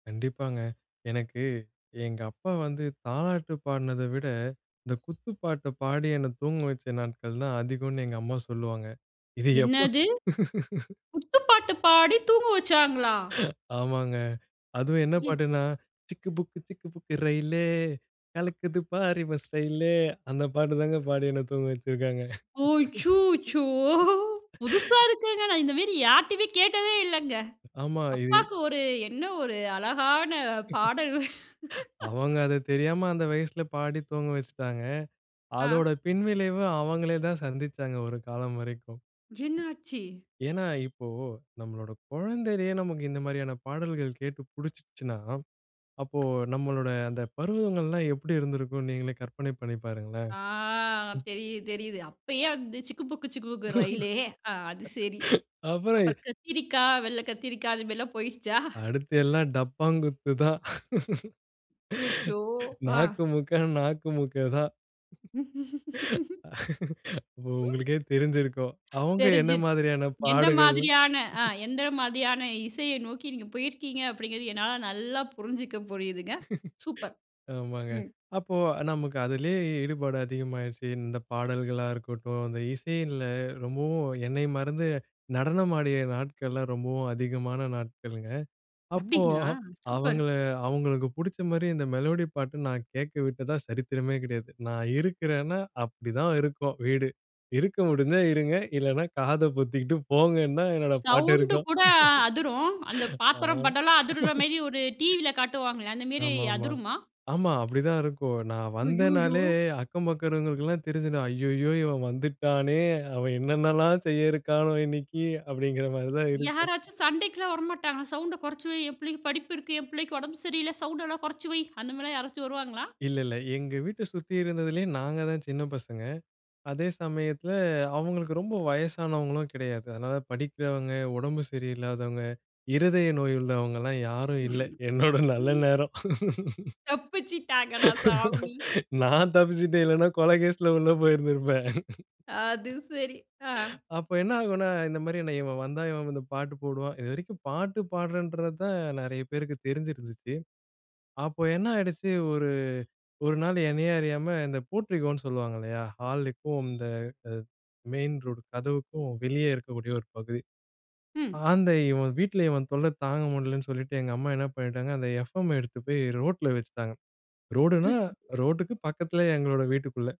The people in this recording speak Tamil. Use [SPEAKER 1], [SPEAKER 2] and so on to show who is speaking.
[SPEAKER 1] கண்டிப்பாங்க. எனக்கு எங்க அப்பா வந்து தாலாட்டு பாடுனத விட, இந்த குத்து பாட்ட பாடி என்ன தூங்க வைச்ச நாட்கள் தான் அதிகம்னு எங்க அம்மா சொல்லுவாங்க. இத எப்ப ஸ்
[SPEAKER 2] என்னது! குத்துப்பாட்டு பாடி தூங்க வச்சாங்களா?
[SPEAKER 1] ஆமாங்க. அதுவும் என்ன
[SPEAKER 2] எ
[SPEAKER 1] பாட்டுன்னா, சிக்கு புக்கு சிக்கு புக்கு ரெயிலே கலக்குது பார் இவ ஸ்டைலு, அந்த பாட்டு தாங்க பாடி என்ன தூங்க வைச்ச்சிருக்காங்க.
[SPEAKER 2] அச்சோச்சோ! புதுசா இருக்குங்க. நான் இந்த மாரி யார்கிட்டயுமே கேட்டதே இல்லங்க.
[SPEAKER 1] ஆமா. இது
[SPEAKER 2] அப்பாக்கு ஒரு என்ன ஒரு அழகான பாடல்!
[SPEAKER 1] அவங்க அது தெரியாம அந்த வயசுல பாடி தூங்க வஷ்ட்டாங்க. அதோட
[SPEAKER 2] ஆ.
[SPEAKER 1] பின்விளைவு அவங்களே தான் சந்திச்சாங்க, ஒரு காலம் வரைக்கும்.
[SPEAKER 2] என்னாச்சி?
[SPEAKER 1] ஏனா இப்போ நம்பளோட குழந்தையிலேயே நமக்கு இந்த மாதிரியான பாடல்கள் கேட்டு பிடிச்சிடுச்சின்னா, அப்போ நம்பளோட அந்த பருவங்கலாம் எப்படி இருந்திருக்கும்னு நீங்களே கற்பனை பண்ணி பாருங்களேன்.
[SPEAKER 2] ஆ.
[SPEAKER 1] ம்.
[SPEAKER 2] தெரியுது தெரியுது. அப்போயே அந்த சிக்கு புக்கு சிக்குபுக்கு ரயிலே, அது சேரி.
[SPEAKER 1] அப்புறம், எ
[SPEAKER 2] அப்புறம் கத்திரிக்காய் வெள்ளை கத்திரிக்கா அந்த மாதிரிலாம் போயிடுச்சா?
[SPEAKER 1] அடுத்து எல்லாம் டப்பாங்குத்து தான்.
[SPEAKER 2] அசூச்சோ! ஆ.
[SPEAKER 1] நாக்குமுக்க, நாக்கு மூக்கா தான். ஓ உங்களுக்கே தெரிஞ்சருக்கும். அவங்க என்ன
[SPEAKER 2] தெரிஞ்சு
[SPEAKER 1] மாதிரியான
[SPEAKER 2] எந்த
[SPEAKER 1] பாடுகள்
[SPEAKER 2] மாதிரியான ஆ எந்த மாதிரியான இசையை நோக்கி நீங்க போயிருக்கீங்க அப்படிங்கிறது என்னால நல்லா புரிஞ்சுக்க புரியுதுங்க. சூப்பர்.
[SPEAKER 1] ஆமாங்க.
[SPEAKER 2] ம்.
[SPEAKER 1] அப்போ அ நமக்கு அதிலேயே ஈடுபாடு அதிகமா ஆய்டுச்சி. இந்த பாடல்களா இருக்கட்டும், இந்த இசையில ரொம்பவும் என்னை மறந்து நடனம் ஆடிய நாட்கள்ளாம் ரொம்பவும் அதிகமான நாட்கள்ங்க. அப்போ,
[SPEAKER 2] அப்படிங்களா? சூப்பர்.
[SPEAKER 1] அவங்கள அவங்களுக்கு புடிச்ச மாதிரி இந்த மெலோடி பாட்டு நான் கேட்கவிட்டதா சரித்திரமே கிடையாது. நான் இருக்கிறேனா, அப்படி தான் இருக்கும் வீடு இருக்க முடிஞ்சா இருங்க. இல்லன்னா காத பொத்திகிட்டு போங்கன்னு தான் என்னோட பாட்டு
[SPEAKER 2] சவுண்ட்
[SPEAKER 1] இருக்கும்.
[SPEAKER 2] கூட அதிரும், அந்த
[SPEAKER 1] ஆ.
[SPEAKER 2] பாத்திரம் பட்டம்ல்லாம் அதிருற மாரி ஒரு டிவில காட்டுவாங்களே அந்த மெரி
[SPEAKER 1] ஆமா, ஆமா.
[SPEAKER 2] அதிருமா?
[SPEAKER 1] ஆமா அப்படித்தான் இருக்கும். நான்
[SPEAKER 2] ஐய்யய்யோ!
[SPEAKER 1] வந்தேனாலே அக்கம் பக்கம் இருக்கிறவங்களுக்குலாம் தெரிஞ்சுடும். ஐய்யயோ! இவன் வந்துட்டானே, அவன் என்னென்னல்லாம் செய்ய இருக்கானோ இன்னிக்கி! அப்படிங்கிற மாதிரி தான் இருக்கும்.
[SPEAKER 2] யாராச்சும் சண்டைக்குலாம் வரமாட்டாங்களா? சவுண்ட குறைச்சி வை என் பிள்ளைக்கு படிப்பு இருக்கு, என் பிள்ளைக்கு உடம்பு சரியில்ல சவுண்டெல்லாம் குறைச்சி வை! அந்த மாதிரிலாம் யாராச்சும் வருவாங்களா?
[SPEAKER 1] இல்ல இல்ல. எங்க வீட்ட சுத்தி இருந்ததிலேயே நாங்க தான் சின்ன பசங்க. அதே சமயத்தில அவங்களுக்கு ரொம்ப வயசானவங்களும் கிடையாது. அதனால படிக்கிறவங்க, உடம்பு சரியில்லாதவங்க, இருதய நோய் உள்ளவங்கல்லாம் யாரும் இல்ல, என்னோட நல்ல
[SPEAKER 2] ம்.
[SPEAKER 1] நேரம்.
[SPEAKER 2] தப்பிச்சிட்டாங்கடா சாமி!
[SPEAKER 1] நான் தப்பிச்சுட்டேன், இல்லன்னா கொல கேஸ்ல உள்ள போயிருந்துருப்பேன்.
[SPEAKER 2] அது சேரி, ஆ.
[SPEAKER 1] அப்ப என்ன ஆகும்னா, இந்த மாதிரி என்ன இவன் வந்தா இவன் வந்து பாட்டு போடுவான். இது வரைக்கும் பாட்டு பாடுறேன்றது தான் நிறைய பேருக்கு தெரிஞ்சிருந்துச்சு. அப்போ என்ன ஆயிடுச்சு, ஒரு ஒரு நாள் என்னையே அறியாம இந்த போட்ரிகோன்னு சொல்லுவாங்க இல்லையா? ஹாலுக்கும், இந்த மெயின் ரோட் கதவுக்கும் வெளியே இருக்கக்கூடிய ஒரு பகுதி.
[SPEAKER 2] ம்.
[SPEAKER 1] அந்த இவன் வீட்ல இவன் தொல்ல தாங்க முடியலனு சொல்லிட்டு எங்க அம்மா என்ன பண்ணிட்டாங்க, அந்த எஃப்எம் எடுத்து போய் ரோட்ல வைச்சிட்டாங்க. ரோடுனா
[SPEAKER 2] சுச்
[SPEAKER 1] ரோட்டுக்கு பக்கத்திலேயே எங்களோட வீட்டுக்குள்ள.